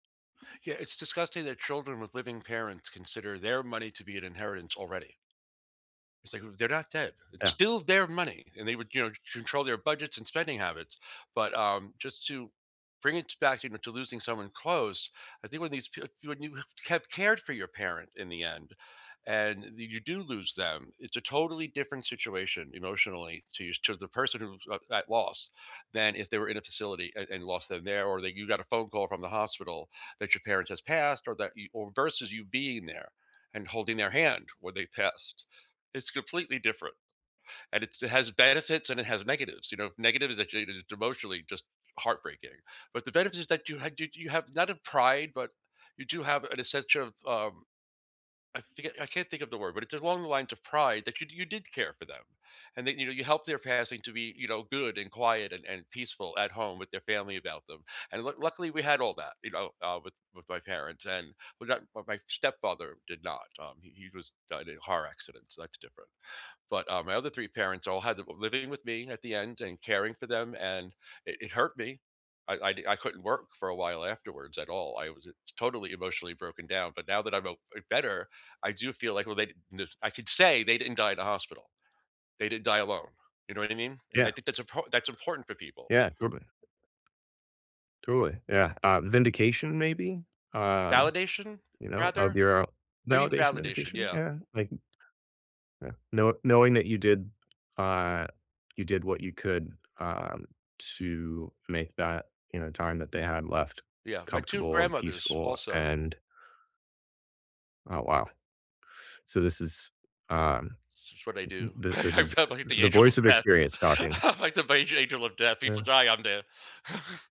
Yeah, it's disgusting that children with living parents consider their money to be an inheritance already. Say who? They're not dead. It's Yeah. still their money, and they would, you know, control their budgets and spending habits, but, um, just to bring it t back to m to losing someone close, I think when these p when you have kept cared for your parent in the end, and you you do lose them, it's a totally different situation emotionally to you s to the person who's at at loss than if they were in a facility, and and lost them there, or that you got a phone call from the hospital that your parents has passed or that y or versus you being there, and holding their hand when they passed. It's completely different, and it's it has benefits, and it has negatives, you know, negative is a change that it's emotionally just heartbreaking, but the benefit is that you had you you have not a pride, but you do have an essential, um, I forget I can't think of the word, but it's along the lines of pride that you you did care for them, and that, you know, helped their passing to be, you know, good and quiet and and peaceful at home with their family about them, and lu luckily, we had all that, you know, uh, with with my parents, and, well not well my stepfather did not, um, he he was died in a car accident, so that's different, but, uh, my other 3 parents all had, uh living with me at the end, and caring for them, and it it hurt me I I di I couldn't work for a while afterwards at all I was it totally emotionally broken down, but now that I'm o better, I do feel like well, they did [unintelligible] I could say they didn't die at a hospital. They didn't die alone. You know what I mean? And I Yeah. think that's a po that's important for people. Yeah, totally. Totally. Yeah, um, vindication maybe? Um, Validation you know, rather? of your, uh Maybe validation, validation, vindication? yeah. Yeah, like m Yeah. Know knowing that you did, uh you did what you could, um, to make that, you know, time that they had left Yeah, my 2 comfortable and grandmothers peaceful, also. and Oh, wow. So, this is, um, It's what I n do. the this I'm is probably the the angel voice of of death. experience talking. I'm like the beige angel of death people Yeah. die, I'm there.